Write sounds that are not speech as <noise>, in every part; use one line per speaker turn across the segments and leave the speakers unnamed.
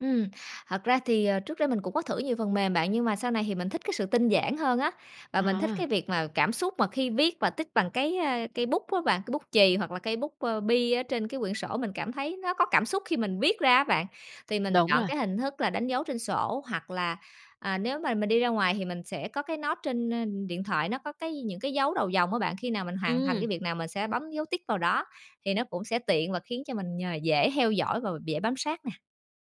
Ừm, thật ra thì, ờ, trước đây mình cũng có thử nhiều phần mềm bạn, nhưng mà sau này thì mình thích cái sự tinh giản hơn á. Và mình thích cái
À.
việc mà cảm xúc mà khi viết và tích bằng cái, ơ, cây bút á bạn, cây bút chì hoặc là cây bút, ờ, bi ở trên cái quyển sổ. Mình cảm thấy nó có cảm xúc khi mình viết ra á bạn. Thì mình
Đúng
chọn
rồi.
cái hình thức là đánh dấu trên sổ hoặc là, à, nếu mà mình đi ra ngoài thì mình sẽ có cái note trên, ơ, điện thoại. Nó có cái những cái dấu đầu dòng á bạn, khi nào mình hoàn thành cái
Ừm.
việc nào mình sẽ bấm dấu tích vào đó. Thì nó cũng sẽ tiện và khiến cho mình nh dễ heo dõi và b dễ bám sát nè.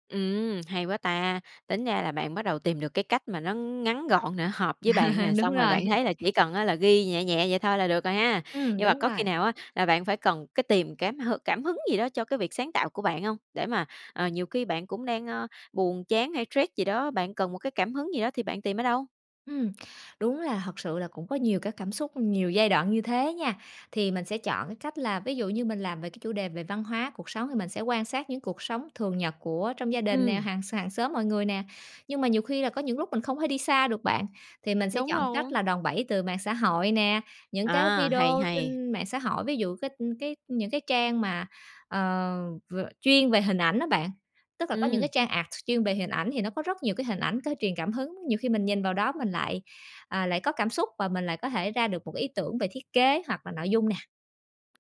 Ừm, hay quá ta, tính ra là bạn bắt đầu tìm được cái cách mà nó ngắn gọn nè, hợp với bạn nè,
<laughs> Đúng
xong rồi
rồi.
bạn thấy là chỉ cần á là ghi nhẹ nhẹ vậy thôi là được rồi ha.
Ừm,
Nhưng mà
đúng
có khi
rồi.
nào á là bạn phải cần cái tìm cám hừ cảm hứng gì đó cho cái việc sáng tạo của bạn hông? Để mà, ờ, nhiều khi bạn cũng đang, ơ, buồn chán hay stress gì đó, bạn cần một cái cảm hứng gì đó thì bạn tìm ở đâu?
Ừm, đúng là thật sự là cũng có nhiều các cảm xúc, nhiều giai đoạn như thế nha. Thì mình sẽ chọn cái cách là, ví dụ như, mình làm về cái chủ đề về văn hóa, cuộc sống thì mình sẽ quan sát những cuộc sống thường nhật của trong gia đình nè,
Ừm.
hàng sàng xóm mọi người nè. Nhưng mà nhiều khi là có những lúc mình không thể đi xa được bạn, thì mình sẽ
Đúng
chọn cách
rồi.
là đòn bẩy từ mạng xã hội nè, những cái
À, hay
video
hay.
trên mạng xã hội. Ví dụ cái cái những cái trang mà, ờ, v chuyên về hình ảnh á bạn. Tức là có những cái
Ừm.
trang art chuyên về hình ảnh thì nó có rất nhiều cái hình ảnh có truyền cảm hứng. Nhiều khi mình nhìn vào đó mình lại, ờ, lại có cảm xúc và mình lại có thể ra được một cái ý tưởng về thiết kế hoặc là nội dung nè.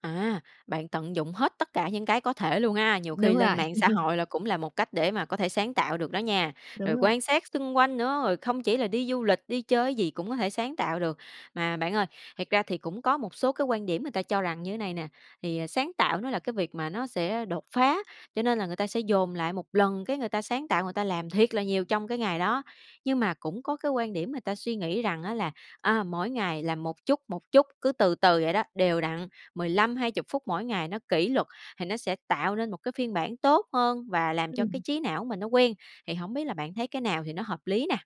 À, bạn tận dụng hết tất cả những cái có thể luôn ha. Nhiều khi
Đúng
lên
rồi.
mạng xã
<laughs>
hội cũng là một cách để mà có thể sáng tạo được đó nha,
Đúng
rồi
rồi.
quan sát xung quanh nữa, rồi không chỉ là đi du lịch, đi chơi cái gì cũng có thể sáng tạo được. Mà bạn ơi, thật ra thì cũng có một số cái quan điểm người ta cho rằng như này nè. Thì, ờ, sáng tạo nó là cái việc mà nó sẽ đột phá, cho nên là người ta dồn lại một lần, cái người ta sáng tạo, người ta làm thiệt là nhiều trong cái ngày đó. Nhưng mà cũng có cái quan điểm người ta suy nghĩ rằng á là, à, mỗi ngày là một chút, một chút, cứ từ từ vậy đó, đều đặn, 15-20 phút mỗi ngày, nó kỷ luật, thì nó sẽ tạo nên một cái phiên bản tốt hơn và làm cho cái
Ừm.
trí não mình nó quen. Thì hổng biết là bạn thấy cái nào thì nó hợp lý nè?